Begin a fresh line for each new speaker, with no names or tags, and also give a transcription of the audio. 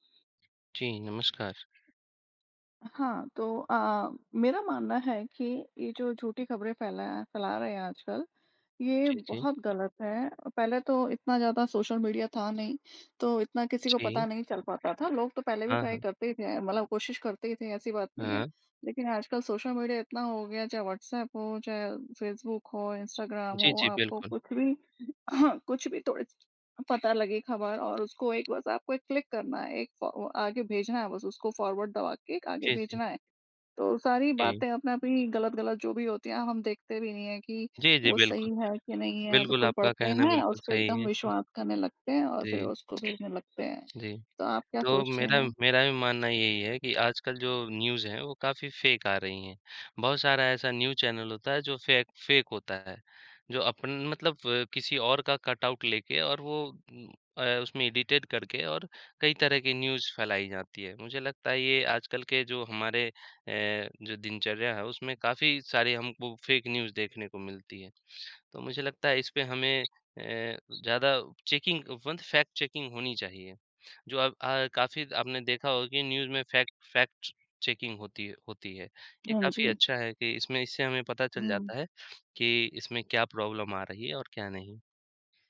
जी, नमस्कार।
हाँ, तो अ अ, मेरा मानना है कि ये जो झूठी खबरें फैला, फैला रहे हैं आजकल, ये
जी, जी।
बहुत गलत है। पहले तो इतना ज़्यादा सोशल मीडिया था नहीं, तो इतना किसी को
जी।
पता नहीं चल पाता था, लोग तो पहले भी
हाँ,
ट्राई
हाँ।
करते ही थे, मतलब कोशिश करते ही थे, ऐसी बात नहीं है।
हाँ।
लेकिन आजकल सोशल मीडिया इतना हो गया, चाहे व्हाट्सऐप हो, चाहे फेसबुक हो, इंस्टाग्राम
जी,
हो,
जी,
आपको
बिल्कुल।
कुछ भी कुछ भी थोड़ी-सी पता लगे खबर और उसको एक बस आपको एक क्लिक करना है, एक फ ओ आगे भेजना है, बस उसको फॉरवर्ड दबा के एक आगे
जी, जी।
भेजना है, तो सारी
जी।
बातें अपने आप ही गलत-गलत जो भी होती हैं, हम देखते भी नहीं हैं कि
जी, जी,
वो सही
बिल्कुल।
हैं कि नहीं हैं,
बिल्कुल
बिल्कुल
आपका
पढ़ते
कहना
हैं,
बिल्कुल
उसपे
सही
एकदम
है।
विश्वास करने लगते हैं और फिर
जी।
उसको भेजने लगते हैं।
जी।
तो आप क्या
तो
सोचते
मेरा,
हैं?
मेरा भी मानना यही है कि आजकल जो न्यूज़ है, वो काफ़ी फेक आ रही हैं, बहुत सारा ऐसा न्यूज़ चैनल होता है, जो फेक फेक होता है, जो अपन मतलब किसी और का कटआउट लेके और वो उम अ, उसमें एडिटेड करके और कई तरह की न्यूज़ फैलाई जाती है। मुझे लगता है ये आजकल के जो हमारे अ, जो दिनचर्या है, उसमें काफ़ी सारी हमको फेक न्यूज़ देखने को मिलती है। तो मुझे लगता है इसपे हमें अ, ज़्यादा चेकिंग वन फैक्ट चेकिंग होनी चाहिए, जो अब अ, काफ़ी आपने देखा होगा कि न्यूज़ में फैक्ट फ़ैक्ट्स चेकिंग होती है होती है। ये
हाँ
काफ़ी
जी।
अच्छा है कि इसमें इससे हमें पता चल
हुँ।
जाता है कि इसमें क्या प्रॉब्लम आ रही है और क्या नहीं।